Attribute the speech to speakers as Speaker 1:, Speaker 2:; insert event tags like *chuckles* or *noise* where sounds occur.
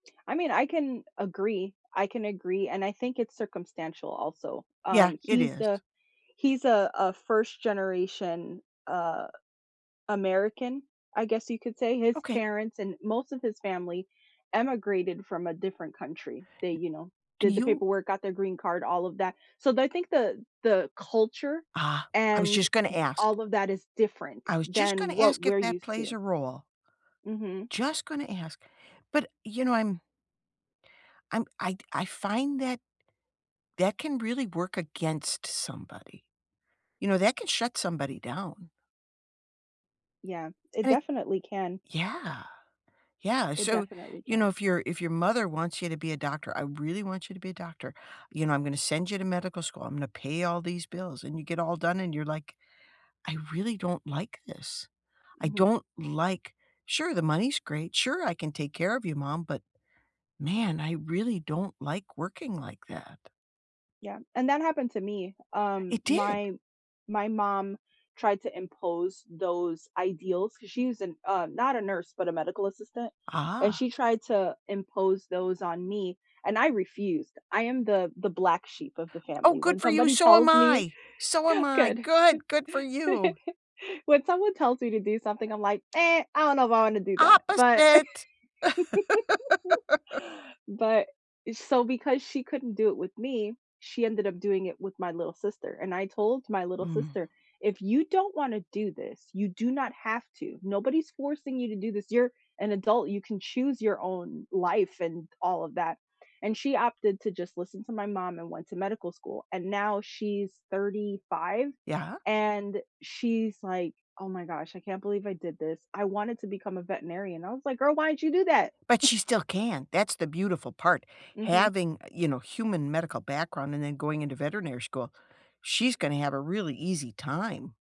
Speaker 1: I mean, I can agree, I can agree, and I think it's circumstantial, also,
Speaker 2: Yeah,
Speaker 1: um,
Speaker 2: it
Speaker 1: he's
Speaker 2: is.
Speaker 1: the he's a a 1st generation, uh, American, I guess you could say, his
Speaker 2: Okay.
Speaker 1: parents and most of his family emigrated from a different country. They, you know,
Speaker 2: Do
Speaker 1: did the
Speaker 2: you
Speaker 1: paperwork, got their green card, all of that, so, th I think the the culture
Speaker 2: Ah, I was
Speaker 1: and
Speaker 2: just gonna ask.
Speaker 1: all of that is different
Speaker 2: I was just
Speaker 1: than
Speaker 2: gonna
Speaker 1: what
Speaker 2: ask if
Speaker 1: we're
Speaker 2: that
Speaker 1: used
Speaker 2: plays a
Speaker 1: to.
Speaker 2: role.
Speaker 1: Mhm.
Speaker 2: Just gonna ask. But, you know, I'm I'm I'd I find that, that can really work against somebody. You know, that can shut somebody down.
Speaker 1: Yeah, it
Speaker 2: And it
Speaker 1: definitely can.
Speaker 2: yeah! Yeah,
Speaker 1: It
Speaker 2: so,
Speaker 1: definitely
Speaker 2: you know,
Speaker 1: can.
Speaker 2: if your if your mother wants you to be a doctor, "I really want you to be a doctor," you know, "I'm gonna send you to medical school, I'm gonna pay all these bills," and you get all done and you're like, "I really don't like this, I
Speaker 1: Mhm.
Speaker 2: don't like sure, the money's great, sure, I can take care of you, mom, but, man! I really don't like working like that."
Speaker 1: Yeah. And that happened to me, um,
Speaker 2: It did!
Speaker 1: my my mom tried to impose those ideals, 'cause she was a n uh, not a nurse, but a medical assistant, and
Speaker 2: Ah.
Speaker 1: she tried to impose those on me, and I refused. I am the the black sheep of the
Speaker 2: Oh,
Speaker 1: family,
Speaker 2: good
Speaker 1: when
Speaker 2: for you!
Speaker 1: somebody
Speaker 2: So am
Speaker 1: tells me
Speaker 2: I! So am
Speaker 1: *chuckles*
Speaker 2: I,
Speaker 1: good,
Speaker 2: good! Good for
Speaker 1: *laughs*
Speaker 2: you!
Speaker 1: when someone tells me to do something, I'm like, *smacks lips* "Meh, I don't know if I wanna do that," but
Speaker 2: Opposite! *laughs*
Speaker 1: *laughs* but eh, so, because she couldn't do it with me, she ended up doing it with my little sister, and I told my little
Speaker 2: Mm.
Speaker 1: sister, "If you don't wanna do this, you do not have to, nobody's forcing you to do this, you're an adult, you can choose your own life and all of that," and she opted to just listen to my mom and went to medical school, and now she's 35,
Speaker 2: Yeah.
Speaker 1: and she's like, "Oh my gosh, I can't believe I did this. I wanted to become a veterinarian." I was like, "Girl, why did you do that?"
Speaker 2: But
Speaker 1: *chuckles*
Speaker 2: she still can, that's the beautiful part,
Speaker 1: Mhm.
Speaker 2: having, eh, you know, human medical background and then going into veterinary school, she's gonna have a really easy time.